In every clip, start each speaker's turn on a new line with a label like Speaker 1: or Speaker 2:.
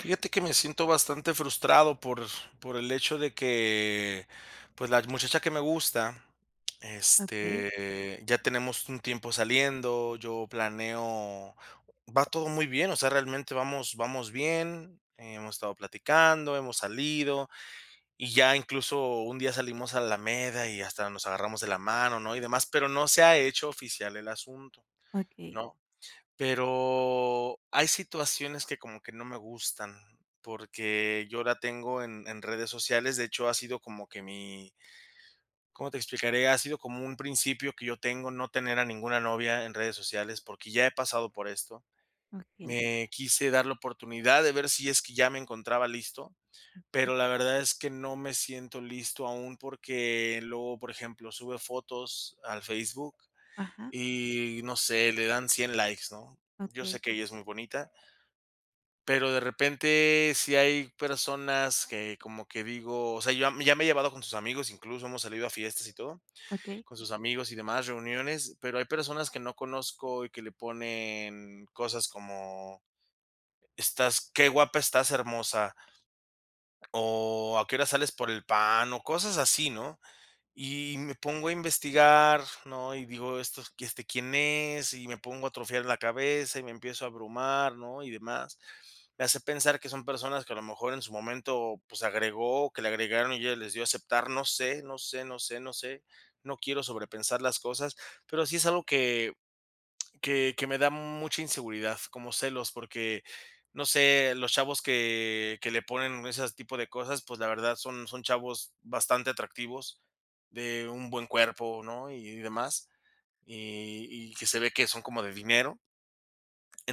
Speaker 1: Fíjate que me siento bastante frustrado por por el hecho de que, pues, la muchacha que me gusta,
Speaker 2: Okey.
Speaker 1: este, ya tenemos un tiempo saliendo, yo planeo, va todo muy bien, o sea, realmente vamos vamos bien, hemos estado platicando, hemos salido, y ya incluso un día salimos a la alameda y hasta nos agarramos de la mano, ¿no?, y demás, pero no se ha hecho oficial el asunto,
Speaker 2: Okey.
Speaker 1: ¿no? Pero hay situaciones que como que no me gustan, porque yo la tengo en en redes sociales. De hecho, ha sido como que mi ¿cómo te explicaré? Ha sido como un principio que yo tengo, no tener a ninguna novia en redes sociales, porque ya he pasado por esto.
Speaker 2: Okey.
Speaker 1: Me quise dar la oportunidad de ver si es que ya me encontraba listo,
Speaker 2: Ujú.
Speaker 1: pero la verdad es que no me siento listo aún porque luego, por ejemplo, sube fotos al Facebook
Speaker 2: Ajá.
Speaker 1: y, no sé, le dan 100 likes, ¿no? Yo sé
Speaker 2: Okey.
Speaker 1: que ella es muy bonita. Pero de repente, sí hay personas que como que digo o sea, ya me ya me he llevado con sus amigos, incluso hemos salido a fiestas y todo,
Speaker 2: Okey.
Speaker 1: con sus amigos y demás reuniones. Pero hay personas que no conozco y que le ponen cosas como: "Estás qué guapa estás hermosa" O: "¿A qué horas sales por el pan?", o cosas así, ¿no? Y me pongo a investigar, ¿no? Y digo: "Estos, este, ¿quién es?". Y me pongo a atrofiar la cabeza y me empiezo a abrumar, ¿no?, y demás. Me hace pensar que son personas que a lo mejor en su momento, pues agregó, que le agregaron y ya les dio aceptar, no sé, no sé, no sé, no sé, no quiero sobrepensar las cosas, pero sí es algo que que que me da mucha inseguridad, como celos, porque no sé, los chavos que que le ponen ese tipo de cosas, pues, la verdad, son son chavos bastante atractivos, de un buen cuerpo, ¿no? Y demás, y y que se ve que son como de dinero.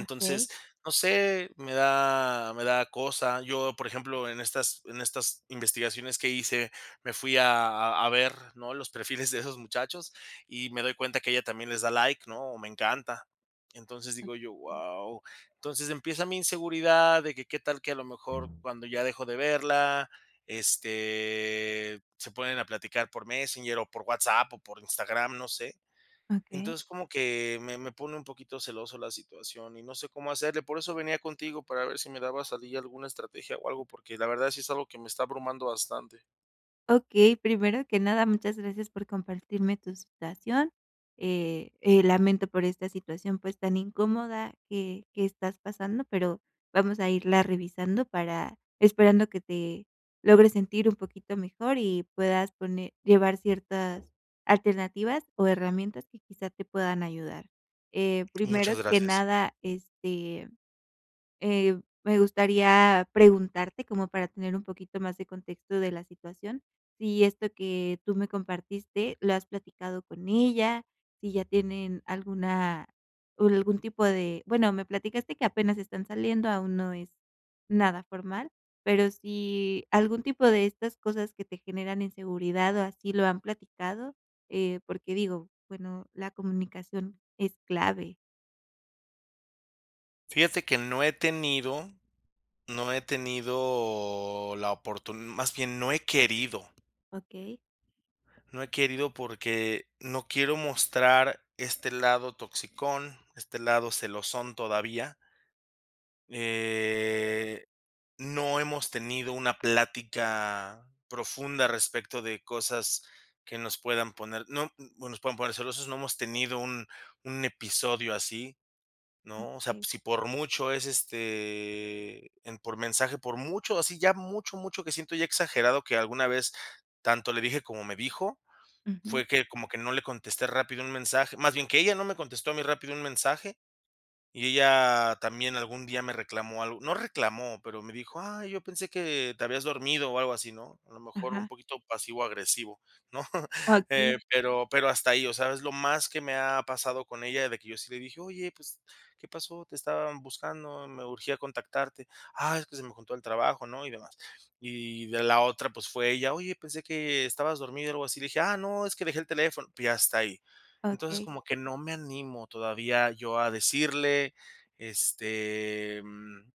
Speaker 2: Okey.
Speaker 1: no sé, me da me da cosa. Yo, por ejemplo, en estas en estas investigaciones que hice, me fui a a ver, ¿no?, los perfiles de esos muchachos, y me doy cuenta que ella también les da like, ¿no?, o me encanta. Entonces, digo yo:
Speaker 2: Okey.
Speaker 1: "Wao". Entonces, empieza mi inseguridad de que qué tal que a lo mejor cuando ya dejo de verla, este, se ponen a platicar por Messenger o por WhatsApp o por Instagram, no sé.
Speaker 2: Okey.
Speaker 1: Entonces, como que me me pone un poquito celoso la situación y no sé cómo hacerle. Por eso venía contigo, para ver si me daba salida alguna estrategia o algo, porque la verdad sí es algo que me está abrumando bastante.
Speaker 2: Okey, primero que nada muchas gracias por compartirme tu situación. Eh eh, lamento por esta situación, pues, tan incómoda que que estás pasando, pero vamos a irla revisando para esperando que te logres sentir un poquito mejor y puedas pone llevar ciertas alternativas o herramientas que quizá te puedan ayudar. Eh, primero
Speaker 1: Muchas
Speaker 2: que
Speaker 1: gracias.
Speaker 2: nada, este, eh, me gustaría preguntarte, como para tener un poquito más de contexto de la situación, si esto que tú me compartiste lo has platicado con ella, si ya tienen alguna ul algún tipo de bueno me platicaste que apenas están saliendo, aún no es nada formal, pero si algún tipo de estas cosas que te generan inseguridad o así lo han platicado, eh, porque digo, bueno, la comunicación es clave.
Speaker 1: Fíjate que no he tenido, no he tenido la oportun más bien, no he querido.
Speaker 2: Okey.
Speaker 1: No he querido porque no quiero mostrar este lado toxicón, este lado celosón, todavía. Eh, no hemos tenido una plática profunda respecto de cosas que nos puedan poner no mm, bueno, nos pueden poner celosos, no hemos tenido un un episodio así, ¿no? O sea,
Speaker 2: Okey.
Speaker 1: pues, si por mucho es, este, en por mensaje, por mucho, así ya mucho, mucho que siento ya exagerado que alguna vez tanto le dije como me dijo,
Speaker 2: Ujú.
Speaker 1: fue que como que no le contesté rápido un mensaje, más bien que ella no me contestó a mí rápido un mensaje, y ella también algún día me reclamó algo. No, reclamó, pero me dijo: "Ay, yo pensé que te habías dormido o algo así", ¿no? A lo mejor un
Speaker 2: Ajá.
Speaker 1: poquito pasivo agresivo, ¿no?
Speaker 2: Okey.
Speaker 1: Eh, pero pero hasta ahí, o sea, es lo más que me ha pasado con ella, de que yo sí le dije: "Oye, pues, ¿qué pasó? Te estaban buscando, me urgía contactarte". "Ah, es que se me juntó el trabajo, ¿no?, y demás". Y de la otra, pues, fue ella: "Oye, pensé que estabas dormido, algo así", le dije: "Ah, no, es que dejé el teléfono", y hasta ahí. Entonces,
Speaker 2: Okey.
Speaker 1: como que no me animo todavía yo a decirle, este, mm,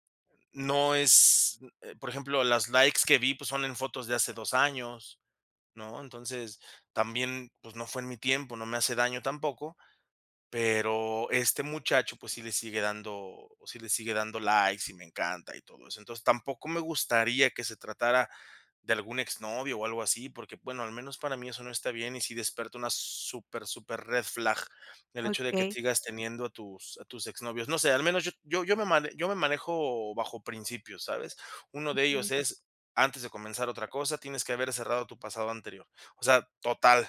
Speaker 1: no es eh, por ejemplo, las likes que vi, pues, son en fotos de hace 2 años, ¿no? Entonces, también, pues, no fue en mi tiempo, no me hace daño tampoco. Pero este muchacho, pues, sí le sigue dando, sí le sigue dando likes y me encanta y todo eso. Entonces, tampoco me gustaría que se tratara de algún ex novio o algo así, porque, bueno, al menos para mí eso no está bien, y sí despierta una súper, súper red flag, el hecho de que
Speaker 2: Okey.
Speaker 1: sigas teniendo a tus a tus ex novios no sé, al menos yo yo yo me man yo me manejo bajo principios, ¿sabes? Uno de
Speaker 2: Okey.
Speaker 1: ellos es "antes de comenzar otra cosa, tienes que haber cerrado tu pasado anterior". O sea, total,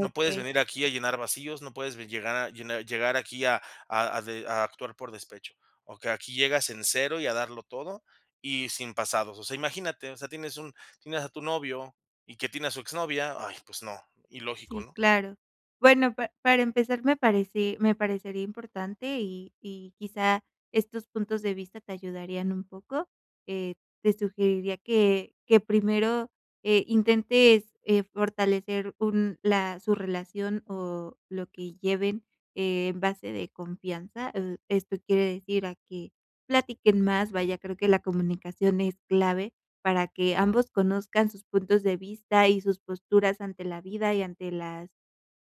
Speaker 1: no puedes venir aquí a llenar vacíos, no puedes ve llegar llenar llegar aquí a a a de a actuar por despecho. O que aquí llegas en 0 y a darlo todo, y sin pasados. O sea, imagínate, o sea, tienes un tienes a tu novio y que tiene a su exnovia. Ay, pues no, ilógico,
Speaker 2: Sí,
Speaker 1: ¿no?
Speaker 2: claro. Bueno, pa para empezar me parece me parecería importante y y quizá, estos puntos de vista te ayudarían un poco. Eh, te sugeriría que que primero, eh, intentes, eh, fortalecer un la su relación o lo que lleven en base de confianza, oh, esto quiere decir a que platiquen más, vaya, creo que la comunicación es clave para que ambos conozcan sus puntos de vista y sus posturas ante la vida y ante las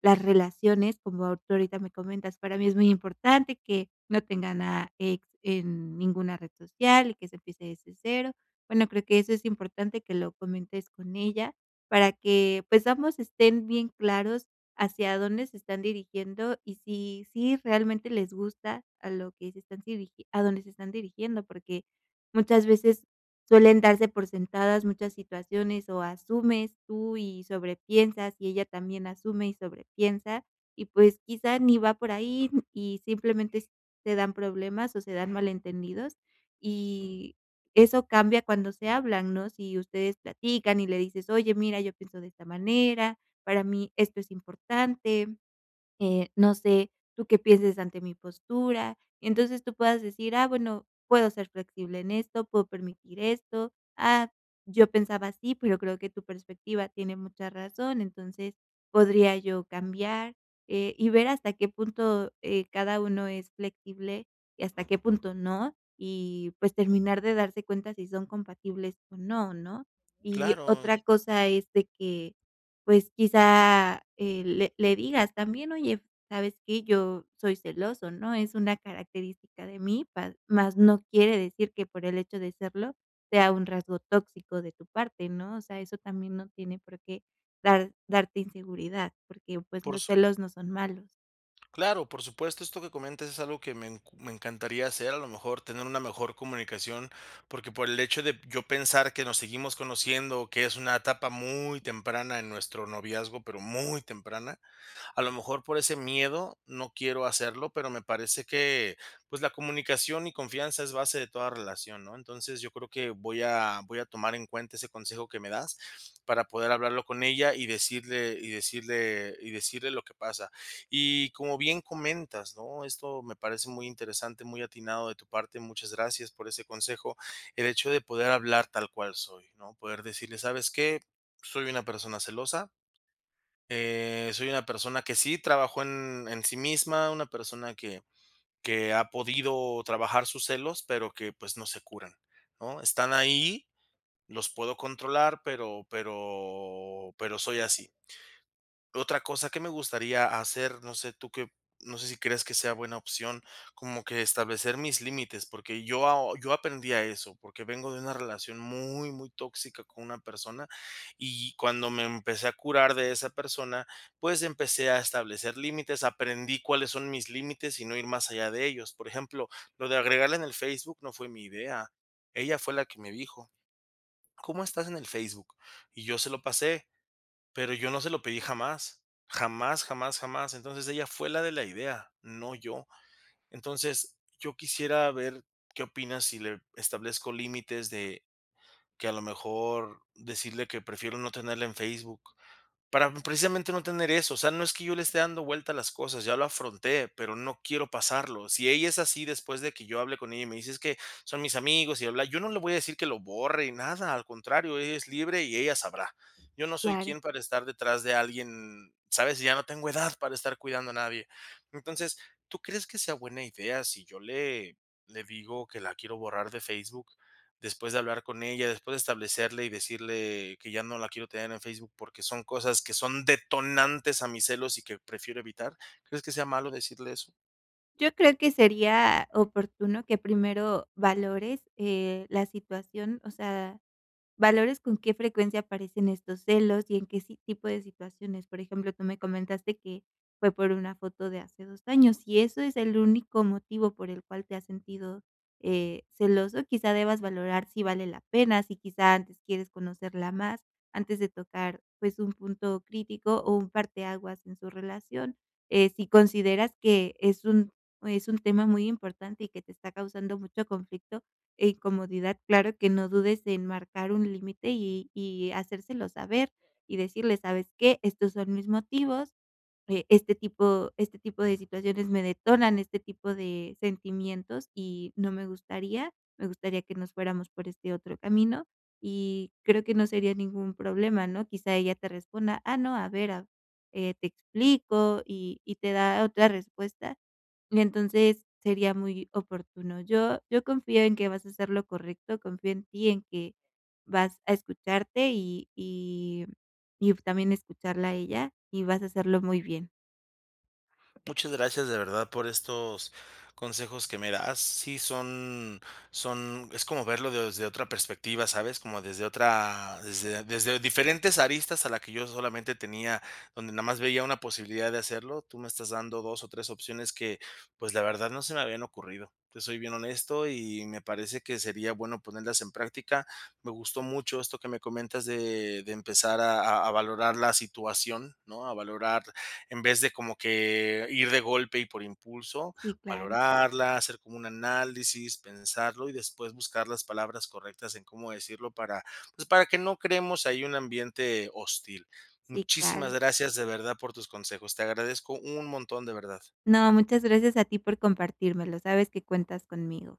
Speaker 2: las relaciones, como tú ahorita me comentas, para mí es muy importante que no tengan a ex en ninguna red social y que se empiece desde cero. Bueno, creo que eso es importante que lo comentes con ella, para que pues ambos estén bien claros, hacia dónde se están dirigiendo y si si realmente les gusta a lo que se están sirig a dónde se están dirigiendo, porque muchas veces suelen darse por sentadas muchas situaciones o asumes tú y sobre piensas, y ella también asume y sobre piensa, y pues quizá ni va por ahí, y simplemente te dan problemas o se dan malentendidos, y eso cambia cuando se hablan, ¿no? Si ustedes platican y le dices: "Oye, mira, yo pienso de esta manera, para mí esto es importante, eh, no sé, tú qué pienses ante mi postura". Entonces, tú puedas decir: "Ah, bueno, puedo ser flexible en esto, puedo permitir esto. Ah, yo pensaba así, pero creo que tu perspectiva tiene mucha razón. Entonces, podría yo cambiar", eh y ver hasta qué punto, eh, cada uno es flexible y hasta qué punto no, y pues terminar de darse cuenta si son compatibles o no, ¿no? Y
Speaker 1: Claro.
Speaker 2: otra cosa es de que, pues quizá, eh, le le digas también: "Oye, ¿sabes qué?, yo soy celoso, ¿no? Es una característica de mí", pa más no quiere decir que por el hecho de serlo, sea un rasgo tóxico de tu parte, ¿no? O sea, eso también no tiene por qué dar darte inseguridad, porque, pues,
Speaker 1: Por
Speaker 2: los
Speaker 1: sup
Speaker 2: celos no son malos.
Speaker 1: Claro, por supuesto, esto que comentas es algo que me enc me encantaría hacer, a lo mejor tener una mejor comunicación, porque por el hecho de yo pensar que nos seguimos conociendo, que es una etapa muy temprana en nuestro noviazgo, pero muy temprana, a lo mejor por ese miedo no quiero hacerlo, pero me parece que, pues, la comunicación y confianza es base de toda relación, ¿no? Entonces, yo creo que voy a voy a tomar en cuenta ese consejo que me das para poder hablarlo con ella y decirle y decirle y decirle lo que pasa. Y como bien comentas, ¿no?, esto me parece muy interesante, muy atinado de tu parte, muchas gracias por ese consejo. El hecho de poder hablar tal cual soy, ¿no?, poder decirles: "¿Sabes qué?, soy una persona celosa. Eh, soy una persona que sí trabajó en en sí misma, una persona que que ha podido trabajar sus celos, pero que, pues, no se curan, ¿no? Están ahí, los puedo controlar, pero pero pero soy así". Otra cosa que me gustaría hacer, no sé tú que op no sé si crees que sea buena opción, como que establecer mis límites, porque yo aho yo aprendí a eso, porque vengo de una relación muy, muy tóxica con una persona, y cuando me empecé a curar de esa persona, pues empecé a establecer límites, aprendí cuáles son mis límites y no ir más allá de ellos. Por ejemplo, lo de agregarla en el Facebook no fue mi idea, ella fue la que me dijo: "¿Cómo estás en el Facebook?", y yo se lo pasé, pero yo no se lo pedí jamás. Jamás, jamás, jamás. Entonces, ella fue la de la idea, no yo. Entonces, yo quisiera ver qué opinas si le establezco límites de que a lo mejor decirle que prefiero no tenerla en Facebook, para precisamente no tener eso. O sea, no es que yo le esté dando vuelta las cosas, ya lo afronté, pero no quiero pasarlo. Si ella es así después de que yo hable con ella y me dice: "Es que son mis amigos y bla-bla-bla, yo no le voy a decir que lo borre y nada, al contrario, ella es libre y ella sabrá. Yo no soy
Speaker 2: Claro.
Speaker 1: quién para estar detrás de alguien, ¿sabes? Ya no tengo edad para estar cuidando a nadie. Entonces, ¿tú crees que sea buena idea si yo le le digo que la quiero borrar de Facebook después de hablar con ella, después de establecerle y decirle que ya no la quiero tener en Facebook, porque son cosas que son detonantes a mis celos y que prefiero evitar? ¿Crees que sea malo decirle eso?
Speaker 2: Yo creo que sería oportuno que primero valores, eh, la situación, o sea, valores con qué frecuencia aparecen estos celos y en qué si tipo de situaciones. Por ejemplo, tú me comentaste que fue por una foto de hace 2 años, si eso es el único motivo por el cual te has sentido, eh, celoso, quizá debas valorar si vale la pena, si quizá antes quieres conocerla más, antes de tocar, pues, un punto crítico o un parte aguas en su relación. Eh, si consideras que es un es un tema muy importante y que te está causando mucho conflicto e incomodidad, claro que no dudes en marcar un límite y y hacérselo saber, y decirle: "¿Sabes qué? Estos son mis motivos. Eh, este tipo este tipo de situaciones me detonan este tipo de sentimientos, y no me gustaría me gustaría que nos fuéramos por este otro camino", y creo que no sería ningún problema, ¿no? Quizá ella te responda: "Ah no, a ver a eh, te explico", y y te da otra respuesta, y entonces sería muy oportuno. Yo yo confío en que vas a hacer lo correcto, confío en ti, en que vas a escucharte y y y también escucharla a ella, y vas a hacerlo muy bien.
Speaker 1: Muchas gracias, de verdad, por estos consejos que me das. Sí, son son es como verlo desde otra perspectiva, ¿sabes? Como desde otra desde desde diferentes aristas a la que yo solamente tenía, donde nada más veía una posibilidad de hacerlo, tú me estás dando 2 o 3 opciones que, pues, la verdad, no se me habían ocurrido, te soy bien honesto, y me parece que sería bueno ponerlas en práctica. Me gustó mucho esto que me comentas de de empezar a a a valorar la situación, ¿no? A valorar, en vez de como que ir de golpe y por impulso,
Speaker 2: Sí, claro.
Speaker 1: valorarla, hacer como un análisis, pensarlo y después buscar las palabras correctas en cómo decirlo para, pues, para que no creemos ahí un ambiente hostil.
Speaker 2: Sí, claro.
Speaker 1: Muchísimas gracias, de verdad, por tus consejos. Te agradezco un montón, de verdad.
Speaker 2: No, muchas gracias a ti por compartírmelo, sabes que cuentas conmigo.